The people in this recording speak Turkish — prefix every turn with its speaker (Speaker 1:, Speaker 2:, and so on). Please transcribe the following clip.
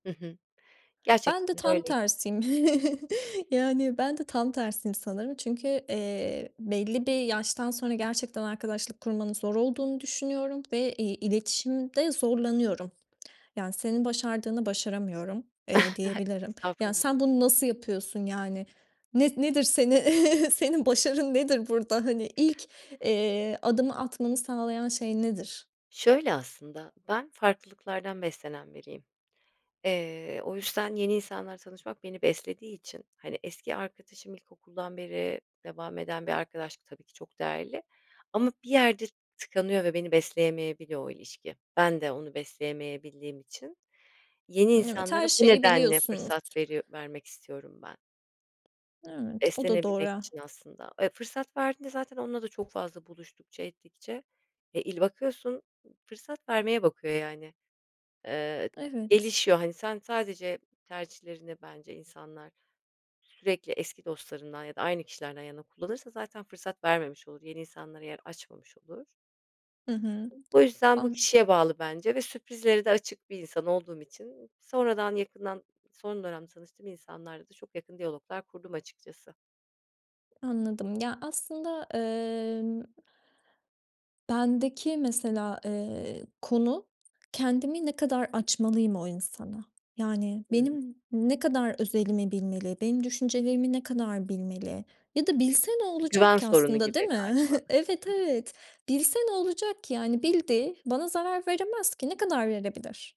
Speaker 1: Hı hı,
Speaker 2: Ben de
Speaker 1: gerçekten de
Speaker 2: tam
Speaker 1: öyleyim.
Speaker 2: tersiyim. Yani ben de tam tersiyim sanırım, çünkü, eee, belli bir yaştan sonra gerçekten arkadaşlık kurmanın zor olduğunu düşünüyorum ve, iii, iletişimde zorlanıyorum. Yani senin başardığını başaramıyorum, eee, diyebilirim. Ya,
Speaker 1: Estağfurul
Speaker 2: sen bunu nasıl yapıyorsun yani? Ne nedir seni? Senin başarın nedir burada? Hani ilk, eee, adımı atmanı sağlayan şey nedir?
Speaker 1: Şöyle aslında, ben farklılıklardan beslenen biriyim. Eee, o yüzden yeni insanlarla tanışmak beni beslediği için, hani eski arkadaşım ilkokuldan beri devam eden bir arkadaşlık, tabii ki, çok değerli, ama bir yerde tıkanıyor ve beni besleyemeyebiliyor o ilişki. Ben de onu besleyemeyebildiğim için yeni
Speaker 2: Evet,
Speaker 1: insanlara
Speaker 2: her
Speaker 1: bu
Speaker 2: şeyi
Speaker 1: nedenle
Speaker 2: biliyorsunuz.
Speaker 1: fırsat veri vermek istiyorum ben
Speaker 2: Evet, o da doğru
Speaker 1: beslenebilmek
Speaker 2: ha.
Speaker 1: için aslında. Eee, fırsat verdiğinde zaten onunla da çok fazla buluştukça ettikçe, eee, il bakıyorsun, ııı, fırsat vermeye bakıyor yani, eee,
Speaker 2: Evet.
Speaker 1: gelişiyor hani sen sadece tercihlerini bence insanlar sürekli eski dostlarından ya da aynı kişilerden yana kullanırsa zaten fırsat vermemiş olur, yeni insanlara yer açmamış olur.
Speaker 2: Hı hı.
Speaker 1: Bu yüzden bu
Speaker 2: Anl
Speaker 1: kişiye bağlı bence ve sürprizlere de açık bir insan olduğum için sonradan yakından, son dönemde tanıştığım insanlarla da çok yakın diyaloglar kurdum açıkçası.
Speaker 2: Anladım. Ya, aslında emm bendeki mesela, eee, konu, kendimi ne kadar açmalıyım o insana? Yani
Speaker 1: Hı hı.
Speaker 2: benim ne kadar özelimi bilmeli, benim düşüncelerimi ne kadar bilmeli ya da bilse ne
Speaker 1: Bir
Speaker 2: olacak
Speaker 1: güven
Speaker 2: ki
Speaker 1: sorunu
Speaker 2: aslında, değil
Speaker 1: gibi
Speaker 2: mi?
Speaker 1: galiba.
Speaker 2: Evet, evet. Bilse ne olacak ki yani? Bildi. Bana zarar veremez ki! Ne kadar verebilir?